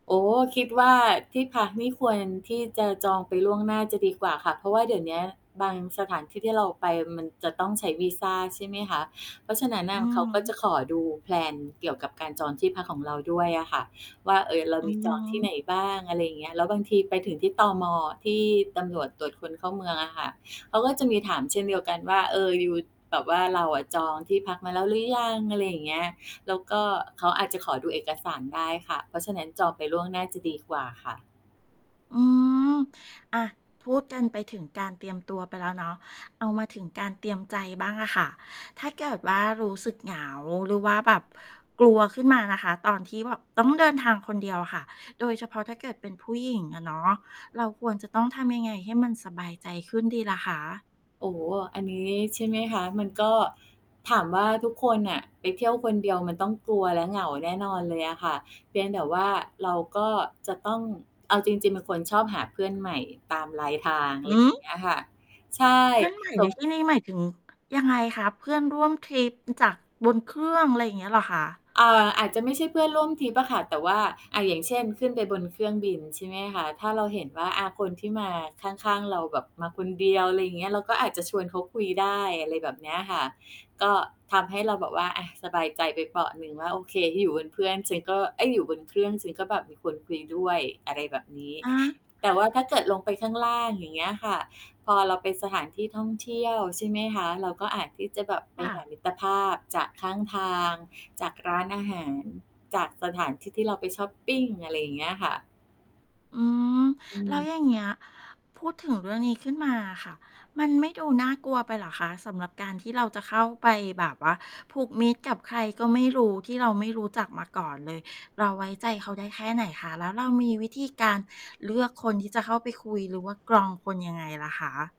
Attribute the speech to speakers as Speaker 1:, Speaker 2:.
Speaker 1: โอ้โฮ คิดว่าที่พักนี่ควรที่จะจองไปล่วงหน้าจะดีกว่าค่ะ เพราะว่าเดี๋ยวเนี้ยบางสถานที่ที่เราไปมันจะต้องใช้วีซา ใช่ไหมคะ เพราะฉะนั้นน
Speaker 2: อื
Speaker 1: ่
Speaker 2: อ
Speaker 1: ะ เขา
Speaker 2: ฮ
Speaker 1: ก็จ
Speaker 2: ึ
Speaker 1: ะขอดู แพลน เกี่ยวกับการจองที่พักของเราด้วยอะค่ะว่า เฮ้ย เรา
Speaker 2: อื
Speaker 1: มี
Speaker 2: อฮ
Speaker 1: จองที่ไ
Speaker 2: ึ
Speaker 1: หนบ้าง อะไรอย่างเงี้ย แล้วบางทีไปถึงที่ ตม. ที่ตำรวจตรวจคนเข้าเมืองอะค่ะ เขาก็จะมีถามเช่นเดียวกันว่า เออ ยู แบบว่าเราอะจองที่พักมาแล้วหรือยัง? อะไรอย่างเงี้ย แล้วก็เขาอาจจะขอดูเอกสารได้ค่ะ เพราะฉะนั้นจองไปล่วงหน้าจะดีกว่าค่ะ
Speaker 2: อืม อา พูดกันไปถึงการเตรียมตัวไปแล้วเนาะ เอามาถึงการเตรียมใจบ้างอะค่ะ ถ้าเกิดว่ารู้สึกเหงา หรือว่าแบบกลัวขึ้นมานะคะ ตอนที่แบบต้องเดินทางคนเดียวค่ะ โดยเฉพาะถ้าเกิดเป็นผู้หญิงอะเนาะ เราควรจะต้องทำยังไงให้มันสบายใจขึ้นดีล่ะคะ?
Speaker 1: โอ้โฮ อันนี้ ใช่ไหมคะ มันก็ถามว่าทุกคนน่ะ ไปเที่ยวคนเดียวมันต้องกลัวและเหงาแน่นอนเลยอะค่ะ เพียงแต่ว่าเราก็จะต้อง เอาจริง ๆ เป็นคนชอบหาเพื่อนใหม่ตามรายทาง อะ
Speaker 2: ห
Speaker 1: ไรอ
Speaker 2: ื
Speaker 1: ย่าง
Speaker 2: อ!
Speaker 1: เงี้ยค่ะ ใช่
Speaker 2: เพื่อนใหม่
Speaker 1: ท
Speaker 2: ใน
Speaker 1: รง
Speaker 2: ที่นี้หมายถึงยังไงคะ เพื่อนร่วมทริปจากบนเครื่อง อะไรอย่างเงี้ยเหรอคะ?
Speaker 1: อ่า อาจจะไม่ใช่เพื่อนร่วมทริปอะค่ะ แต่ว่า อ่า อย่างเช่น ขึ้นไปบนเครื่องบิน ใช่ไหมคะ ถ้าเราเห็นว่า อ่า คนที่มาข้าง ๆ เราแบบมาคนเดียว อะไรอย่างเงี้ย เราก็อาจจะชวนเขาคุยได้ อะไรแบบเนี้ยค่ะ ก็ทำให้เราแบบว่า อ่า สบายใจไปเปราะหนึ่งว่า โอเค อยู่บนเพื่อนฉันก็ เอ๊ย อยู่บนเครื่องฉันก็แบบมีคนคุยด้วย อะไรแบบนี้
Speaker 2: อะฮะ
Speaker 1: แต่ว่าถ้าเกิดลงไปข้างล่าง อย่างเงี้ยค่ะ พอเราไปสถานที่ท่องเที่ยว ใช่ไหมคะ เราก็อาจที่จะแบบไ
Speaker 2: ค
Speaker 1: ป
Speaker 2: ่
Speaker 1: ห
Speaker 2: ะ
Speaker 1: ามิตรภาพจากข้างทาง จากร้านอาหาร จากสถานที่ที่เราไปชอปปิง อะไรอย่างเงี้ยค่ะ
Speaker 2: อืม
Speaker 1: อื
Speaker 2: แล้ว
Speaker 1: ม
Speaker 2: อย่างเงี้ย พูดถึงเรื่องนี้ขึ้นมาอะค่ะ มันไม่ดูน่ากลัวไปเหรอคะ สำหรับการที่เราจะเข้าไปแบบว่าผูกมิตรกับใครก็ไม่รู้ ที่เราไม่รู้จักมาก่อนเลย เราไว้ใจเขาได้แค่ไหนคะ? แล้วเรามีวิธีการเลือกคนที่จะเข้าไปคุย หรือว่ากรองคนยังไงล่ะคะ?